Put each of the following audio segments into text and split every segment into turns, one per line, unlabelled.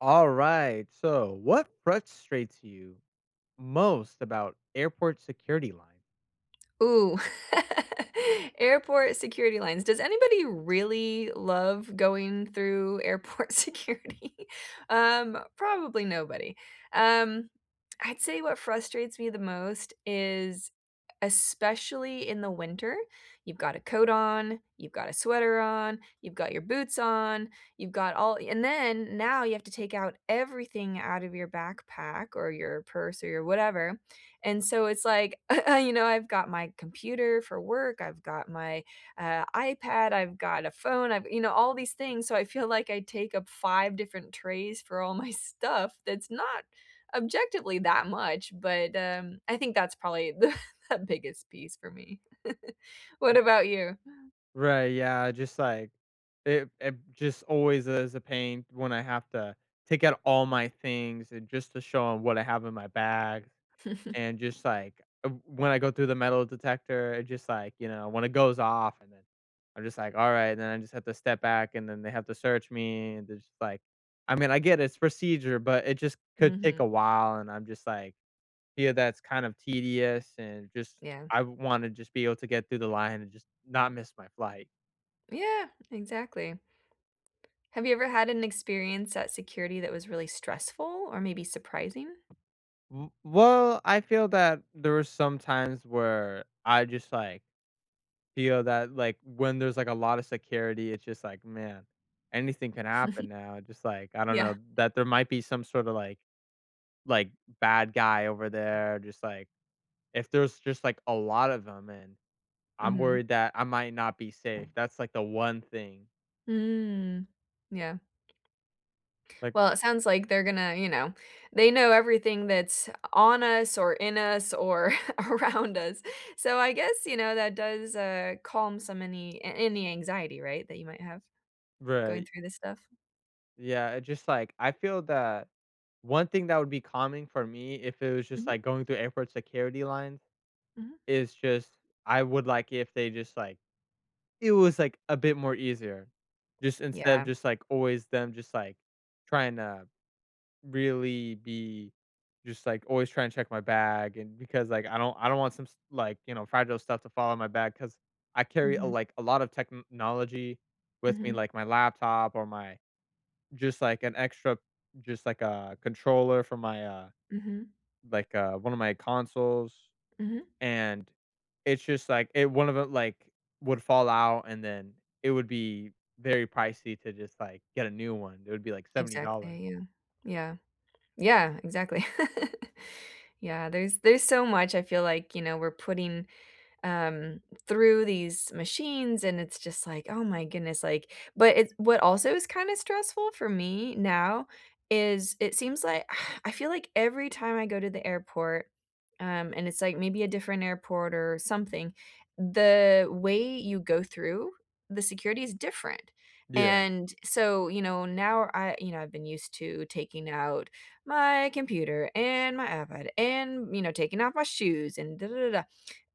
Alright, so what frustrates you most about airport security line?
Ooh, airport security lines, does anybody really love going through airport security? Um, probably nobody, um, I'd say what frustrates me the most is especially in the winter, you've got a coat on, you've got a sweater on, you've got your boots on, you've got all and then now you have to take out everything out of your backpack or your purse or your whatever. And so it's like, you know, I've got my computer for work, I've got my, uh, iPad, I've got a phone, I've you know, all these things, so I feel like I take up 5 different trays for all my stuff that's not objectively that much, but, um, I think that's probably the the biggest piece for me. What about you?
Right, yeah, just like it it just always is a pain when I have to take out all my things and just to show 'em what I have in my bag. And just, like w when I go through the metal detector, it just, like, you know when it goes off, and then I'm just like, "Alright," and then I just have to step back, and then they have to search me, and there's, like I mean, I get it, it's procedure, but it just could take
Mhm.
a while, and I'm just like, yeah, that's kind of tedious and just
Yeah.
I wanna just be able to get through the line and just not miss my flight.
Yeah. Exactly. Have you ever had an experience at security that was really stressful or maybe surprising?
W well, I feel that there were some times where I just, like, feel that, like, when there's, like, a lotta security, it's just like, "Man, anything can happen now," just like, I don't know,
Yeah.
that there might be some sorta, like like, bad guy over there, just like if there's just, like, a lot of them, and I'm
Mhm.
worried that I might not be safe, that's, like, the one thing.
Mm, yeah.
Like
Well, it sounds like they're gonna you know, they know everything that's o on us or in us or around us. So I guess, you know, that does, uh, calm some any a any anxiety, right, that you might have going
Right.
through this stuff?
Yeah, it just like I feel that one thing that would be calming for me if it was just,
Mhm.
like, going through airport security line
Mhm.
is just, I would like if they just, like it was, like, a bit more easier. Just instead of
Yeah.
just, like, always them just, like, trying to really be just, like, always trying to check my bag and because, like, I don't I don't want some s like, you know, fragile stuff to fall out my bag 'cause I carry,
Mhm.
like, a lot of technology with me,
Mhm.
like my laptop or my just, like, an extra just, like, a controller for my, uh,
Mhm.
like, uh, one of my consoles,
Mhm.
and it's just like it one of the like, would fall out, and then it would be very pricey to just, like, get a new one, it would be, like, $70.
Exactly, yeah, yeah. Yeah, exactly. Yeah, there's there's so much I feel like, you know, we're putting, um, through these machines, and it's just like, "Oh my goodness," like but it what also is kinda stressful for me now is, it seems like I feel like every time I go to the airport, um, and it's like maybe a different airport or something, the way you go through the security is different,
Yeah.
and so, you know, now I you know, I've been used to taking out my computer and my iPad and, you know, taking off my shoes and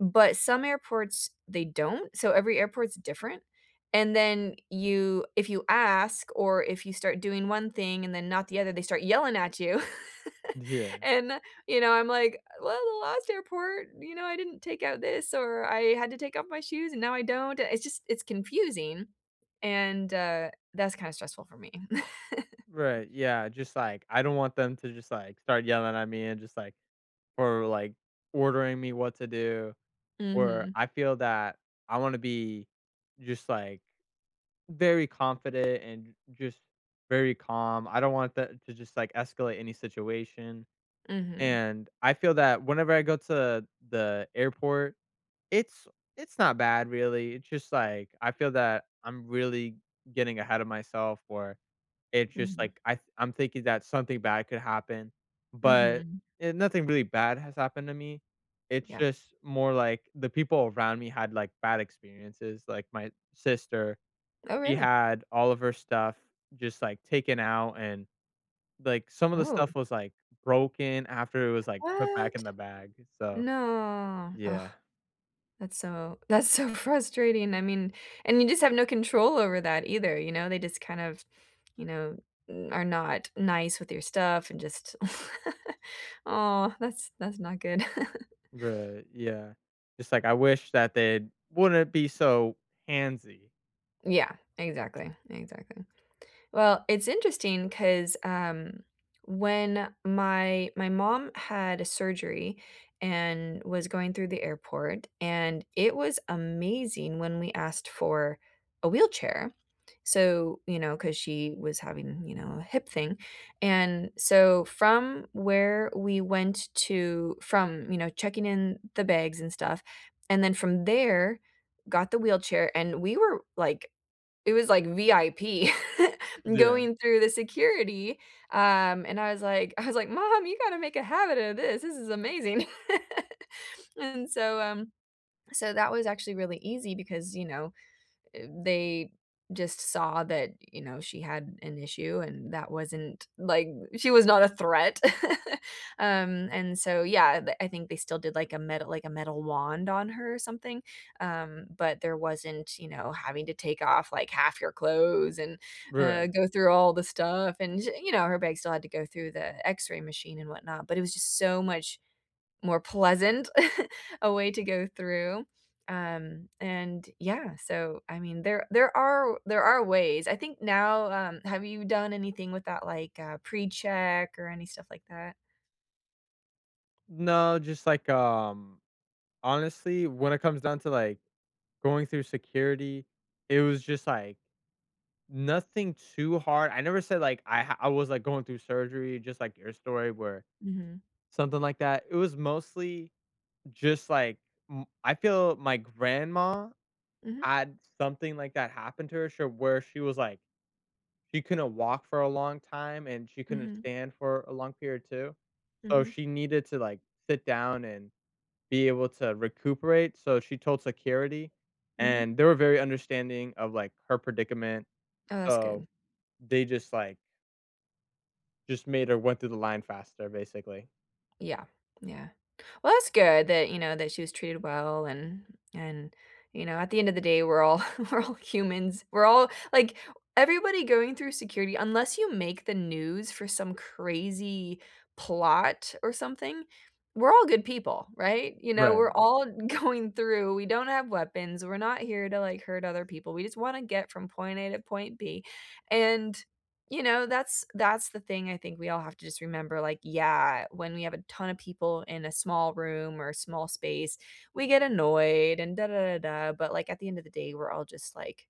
but some airports, they don't, so every airport's different, and then you if you ask or if you start doing one thing and then not the other, they start yelling at you.
Yeah.
And, you know, I'm like, "Well, the last airport, you know, I didn't take out this, or I had to take off my shoes, and now I don't." Uh, it's just it's confusing, and, uh, that's kinda stressful for me.
Right, yeah, just, like, I don't want them to just, like, start yelling at me and just, like or, like, ordering me what to do, or
Mhm.
I feel that I wanna be just, like, very confident and j just very calm, I don't want that to just, like, escalate any situation.
Mhm.
And I feel that whenever I go to the airport, it's it's not bad, really, it's just, like, I feel that I'm really getting ahead of myself, or it's just,
Mhm.
like, I th I'm thinking that something bad could happen, but,
Mhm.
eh, nothing really bad has happened to me. It's
Yeah.
just more like the people around me had, like, bad experiences, like, my sister,
Oh,
she
really?
had all of her stuff just, like, taken out, and, like, some of the
Oh.
stuff was, like, broken after it was, like, put back in
What?
the bag, eh, so,
No,
yeah.
that's so that's so frustrating. I mean and you just have no control over that either, you know? They just kind of, you know, n are not nice with your stuff and just aw, that's that's not good.
Right, yeah. It's like I wish that they wouldn't be so handsy.
Yeah. Exactly, exactly. Well, it's interesting 'cause, um, when my my mom had a surgery and was going through the airport, and it was amazing when we asked for a wheelchair. So, you know, 'cause she was having, you know, a hip thing, and so from where we went to from, you know, checking in the bags and stuff, and then from there, got the wheelchair, and we were, like it was like VIP
Yeah.
going through the security, um, and I was like I was like, "Mom, you gotta make a habit of this. This is amazing." And so, um so that was actually really easy because, you know, eh, they just saw that, you know, she had an issue and that wasn't like she was not a threat, um, and so, yeah, the I think they still did, like a metal like a metal wand on her or something, um, but there wasn't, you know, having to take off, like, 1/2 your clothes and, uh,
Right.
go through all the stuff, and, you know, her bag still had to go through the X-ray machine and whatnot, but it was just so much more pleasant a way to go through, um, and yeah, so, I mean, there there are there are ways. I think now, um, have you done anything with that, like, uh, precheck or any stuff like that?
No, just like, um, honestly, when it comes down to, like, going through security, it was just, like, nothing too hard, I never said, like, I ha I was, like, going through surgery, just like your story, where
Mhm.
something like that, it was mostly just like m I feel my grandma
Mhm.
had something like that happen to her, she'll where she was like she couldn't walk for a long time, and she couldn't
Mhm.
stand for a long period too, so
Mhm.
she needed to, like, sit down and be able to recuperate, so she told security,
Mhm.
and they were very understanding of, like, her predicament,
Oh, that's
so
good.
they just, like just made her went through the line faster, basically.
Yeah. Yeah. Well, that's good that, you know that she was treated well and and, you know, at the end of the day, we're all we're all humans. We're all, like everybody going through security, unless you make the news for some crazy plot or something, we're all good people, right? You know,
Right.
we're all going through we don't have weapons, we're not here to, like, hurt other people, we just wanna get from point A to point B, and, you know, that's that's the thing I think we all have to just remember, like, yeah, when we have a ton of people in a small room or a small space, we get annoyed and but, like, at the end of the day, we're all just, like,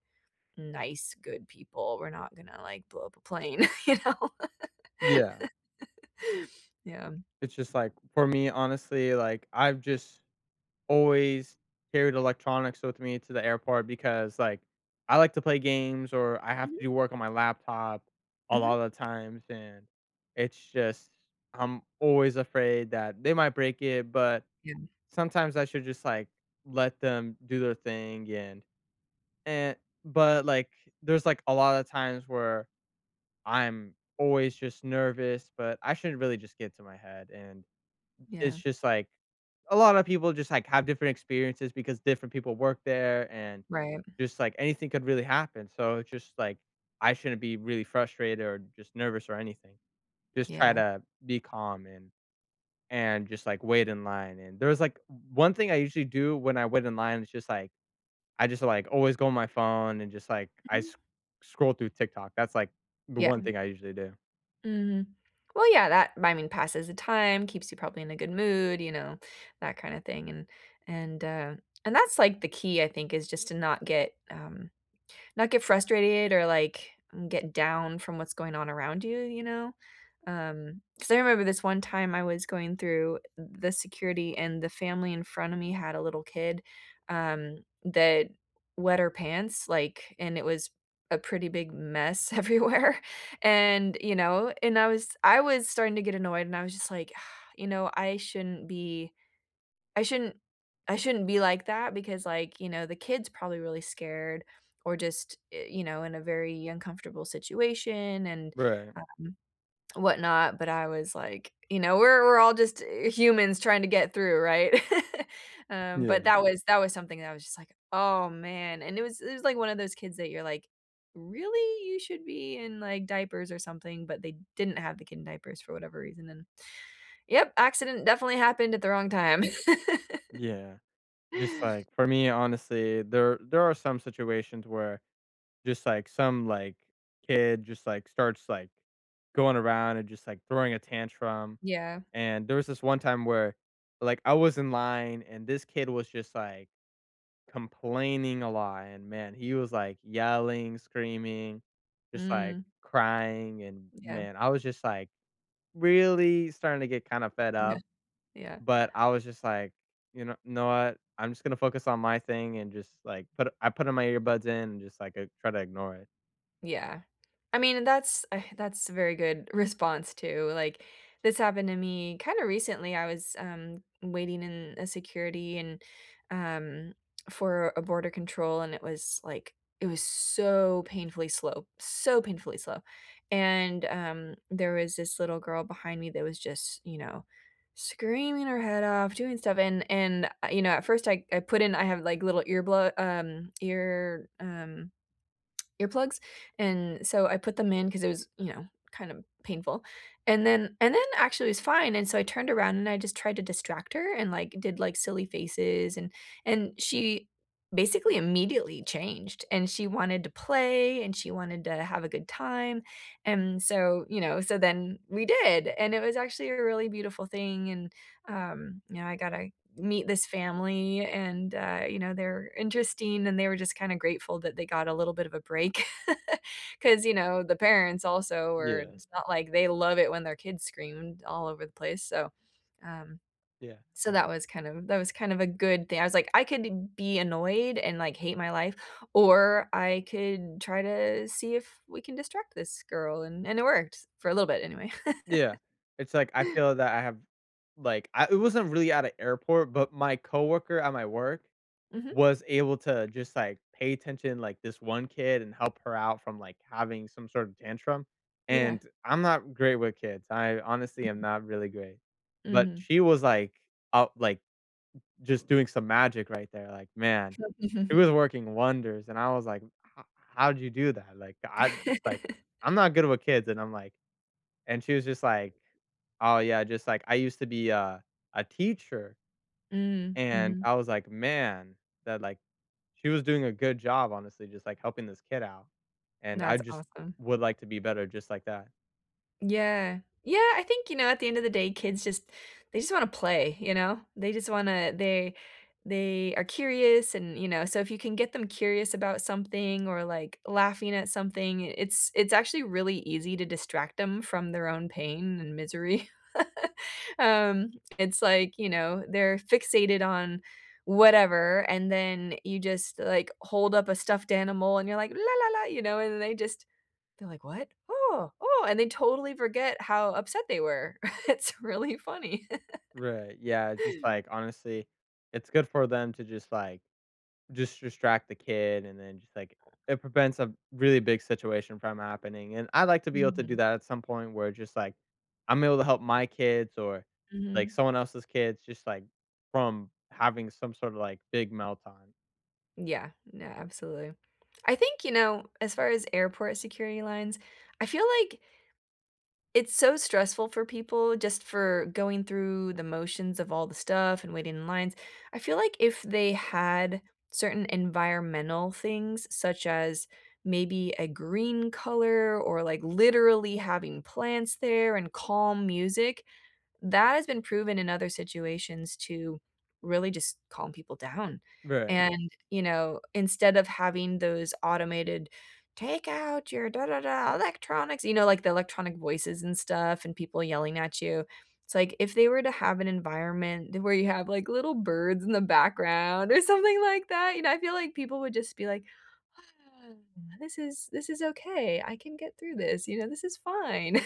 nice, good people, we're not gonna, like, blow up a plane, you know?
Yeah.
Yeah.
It's just like, for me, honestly, like, I've just always carried electronics with me to the airport because, like, I like to play games or I have
Mhm.
to do work on my laptop a
Mhm.
lotta the times, and it's just I'm always afraid that they might break it, but
Yeah.
sometimes I should just, like, let them do their thing, and, eh but, like, there's, like, a lotta times where I'm always just nervous, but I shouldn't really just get to my head, and it's
Yeah.
just, like, a lotta people just, like, have different experiences because different people work there, and
Right.
just, like, anything could really happen so it's just, like, I shouldn't be really frustrated or just nervous or anything. Just try
Yeah.
to be calm and and just, like, wait in line, and there was, like o one thing I usually do when I wait in line is just, like I just, like, always go on my phone and just, like, I sc
Mhm.
scroll through TikTok. That's, like, the
Yeah,
one
m
thing I usually do.
Mhm. Well, yeah, that, I mean, passes the time, keeps you probably in a good mood, you know, that kinda thing, and and, uh, that's, like, the key, I think, is just to not get, um not get frustrated or, like, get down from what's going on around you, you know? Um, 'cause I remember this one time I was going through the security, and the family in front of me had a little kid, um, that wet her pants, like, and it was a pretty big mess everywhere, and, you know, and I was I was starting to get annoyed and I was just like, you know, "I shouldn't be I shouldn't I shouldn't be like that because, like, you know, the kid's probably really scared or just, eh, you know, in a very uncomfortable situation and,
Right.
um, whatnot," but I was like, you know, we're we're all just humans trying to get through, right? Um, but
Yeah.
that was that was something that I was just like, "Oh, man," and it was it was like one of those kids that you're like, "Really? You should be in, like, diapers or something," but they didn't have the kid in diapers for whatever reason, and, yep, accident definitely happened at the wrong time.
Yeah. Just like, for me, honestly, there there are some situations where just, like, some, like, kid just, like, starts, like, going around and just, like, throwing a tantrum,
Yeah.
and there was this one time where, like, I was in line, and this kid was just, like, complaining a lot, and, man, he was, like, yelling, screaming, just, like,
Mm.
crying, and,
Yeah.
man, I was just, like, really starting to get kinda fed
Yeah.
up,
Yeah.
but I was just, like, "You know know what? I'm just gonna focus on my thing," and just, like, put I put all my earbuds in and just, like, uh, try to ignore it.
Yeah. I mean and that's that's very good response too, like, this happened to me kinda recently, I was, um, waiting in a security and, um for a border control, and it was like it was so painfully slow, so painfully slow, and, um, there was this little girl behind me that was just, you know, screaming her head off, doing stuff, and and, you know, at first, I I put in I have, like, little ear bl um, ear, um, earplugs, and so I put them in 'cause it was, you know, kinda painful, and then and then, actually, it was fine, and so I turned around and I just tried to distract her and, like, did, like, silly faces, and and she basically immediately changed, and she wanted to play and she wanted to have a good time, and so, you know so then we did, and it was actually a really beautiful thing, and, um, you know, I gotta meet this family and, uh, you know, they're interesting and they were just kinda grateful that they got a little bit of a break. 'Cause, you know, the parents also were
Yeah.
it's not like they love it when their kids screamed all over the place, so, um
Yeah.
so that was kind of that was kind of a good thing, I was like, "I could be annoyed and, like, hate my life, or I could try to see if we can distract this girl," and and it worked for a little bit anyway.
Yeah. It's like, I feel that I have like I it wasn't really at a airport, but my coworker at my work
Mhm.
was able to just, like, pay attention, like, this one kid and help her out from, like, having some sort of tantrum,
Yeah.
and I'm not great with kids, I honestly am not really great, but
Mhm.
she was, like, up like, just doing some magic right there, like, man. It was working wonders, and I was like, "H how'd you do that? Like, I it's like, I'm not good with kids," and I'm like and she was just like, "Oh, yeah, just like, I used to be a a teacher."
Mm,
And
mhm.
I was like, "Man," that, like, she was doing a good job, honestly, just, like, helping this kid out, and I
That's
just
awesome.
would like to be better just like that.
Yeah. Yeah, I think, you know, at the end of the day, kids just they just wanna play, you know? They just wanna they they are curious and, you know so if you can get them curious about something or, like, laughing at something, i it's it's actually really easy to distract them from their own pain and misery. Um, it's like, you know, they're fixated on whatever, and then you just, uh, like, hold up a stuffed animal and you're like, you know, and they just they're like, "What? Oh, oh," and they totally forget how upset they were. It's really funny.
Right, yeah, just, like, honestly, it's good for them to just, like just distract the kid and then just, like, it prevents a b really big situation from happening, and I'd like to be able to do
Mhm.
that at some point where just, like, I'm able to help my kids or, like,
Mhm.
someone else's kids just, like, from having some sort of, like, big meltdown.
Yeah. No, absolutely. I think, you know, as far as airport security lines, I feel like it's so stressful for people just for going through the motions of all the stuff and waiting in lines. I feel like if they had certain environmental things such as maybe a green color or, like, literally having plants there, and calm music, that has been proven in other situations to really just calm people down,
Right.
and, you know, instead of having those automated, "Take out your electronics," you know, like the electronic voices and stuff, and people yelling at you. It's like, if they were to have an environment d where you have, like, little birds in the background, or something like that, you know, I feel like people would just be like, "This is this is okay. I can get through this," you know, "this is fine."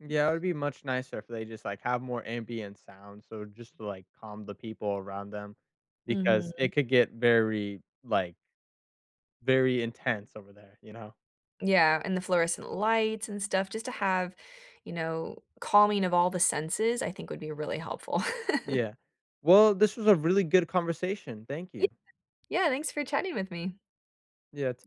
Yeah, it would be much nicer if they just, like, have more ambient sound, so just to, like, calm the people around them because it
Mhm.
could get very, like very intense over there, you know?
Yeah, and the fluorescent lights and stuff, just to have, you know, calming of all the senses, I think would be really helpful.
Yeah. Well, this was a really good conversation. Thank
Yeah.
you.
Yeah, thanks for chatting with me.
Yeah, t